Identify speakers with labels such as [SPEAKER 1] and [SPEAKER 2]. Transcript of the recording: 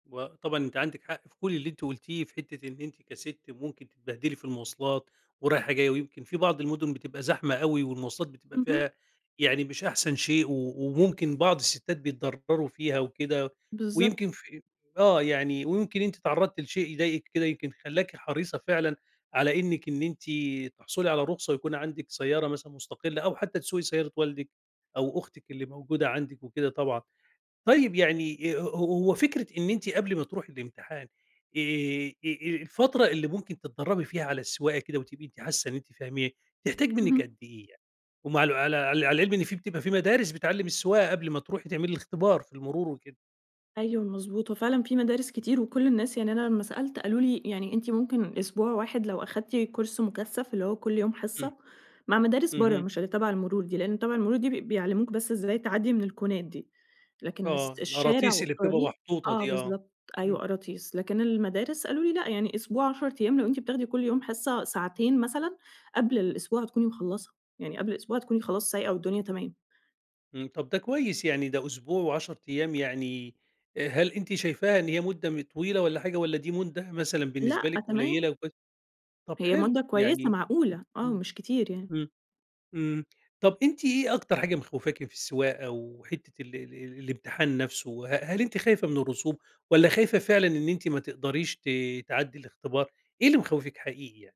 [SPEAKER 1] وطبعًا أنتِ عندِك حق في كل اللي أنتِ قُلتيه، في حتة إن أنتِ كست ممكن تتبهدلي في المواصلات ورايحة جاية، ويمكن في بعض المدن بتبقى زحمة أوي والمواصلات بتبقى
[SPEAKER 2] اهم.
[SPEAKER 1] فيها يعني مش أحسن شيء، و وممكن بعض الستات بيتضرروا فيها وكده،
[SPEAKER 2] بالضبط.
[SPEAKER 1] ويمكن في آه، يعني ويمكن أنتِ اتعرضتِ لشيء يضايقِك كده يمكن خلّاكِ حريصة فعلًا على إنِّك إن أنتِ تحصلي على رخصة ويكون عندِك سيارة مثلًا مستقلة أو حتى تسوقي سيارة والدِك أو أختِك اللي موجودة عندِك وكده طبعًا، طيب يعني أ ه هو فكرة إن أنتِ قبل ما تروحي الإمتحان آآ، آآ، آآ، الفترة اللي ممكن تتدرّبي فيها على السواقة كده وتبقي أنتِ حاسة إن أنتِ فاهما تحتاج منِّك
[SPEAKER 2] اهم.
[SPEAKER 1] قد إيه يعني، ومع الو على عل على العلم إن في بتبقى في مدارس بتعلم السواقة قبل ما تروحي تعملي الإختبار في المرور وكده؟
[SPEAKER 2] أيوه، مضبوط، هو فعلًا في مدارس كتير، وكل الناس يعني أنا لمّا سألت قالوا لي يعني أنتِ ممكن أسبوع واحد لو أخدتِ كورس مكثّف اللي هو كل يوم
[SPEAKER 1] إمم،
[SPEAKER 2] حصّة مع مدارس برّا
[SPEAKER 1] اهم.
[SPEAKER 2] مش اللي تبع المرور دي، لإن تبع المرور دي بي بيعلموك بس ازاي تعدّي من الكونات دي لكن اس
[SPEAKER 1] آه،
[SPEAKER 2] الشارع
[SPEAKER 1] القراطيس اللي بتبقى
[SPEAKER 2] والطريق
[SPEAKER 1] محطوطة
[SPEAKER 2] آه،
[SPEAKER 1] دي آه،
[SPEAKER 2] بالضبط أيوه،
[SPEAKER 1] إمم.
[SPEAKER 2] قراطيس، لكن المدارس قالوا لي لأ يعني أسبوع 10 ايام لو أنتِ بتاخدي كل يوم حصّة ساعتين مثلًا قبل الأسبوع هتكوني مخلّصة، يعني قبل الأسبوع هتكوني خلاص سايقة والدنيا تمام.
[SPEAKER 1] إمم، طب ده كويس يعني ده أسبوع و10 ايام يعني آآ هل أنتِ شايفاها إن هي مدة م طويلة والّا حاجة والّا دي مدة مثلًا
[SPEAKER 2] لأ
[SPEAKER 1] بالنسبة لِك
[SPEAKER 2] تمام.
[SPEAKER 1] قليلة وك طب
[SPEAKER 2] هي
[SPEAKER 1] حلو
[SPEAKER 2] مدة كويسة
[SPEAKER 1] يعني
[SPEAKER 2] معقولة آه،
[SPEAKER 1] إمم،
[SPEAKER 2] مش كتير يعني.
[SPEAKER 1] إمم، إمم، طب أنتِ إيه أكتر حاجة مخوفاكِ في السواقة وحتة ال ال ال الإمتحان نفسه ه هل أنتِ خايفة من الرسوب، والّا خايفة فعلًا إن أنتِ ما تقدريش ت تعدّي الإختبار إيه اللي مخوفِك حقيقي يعني؟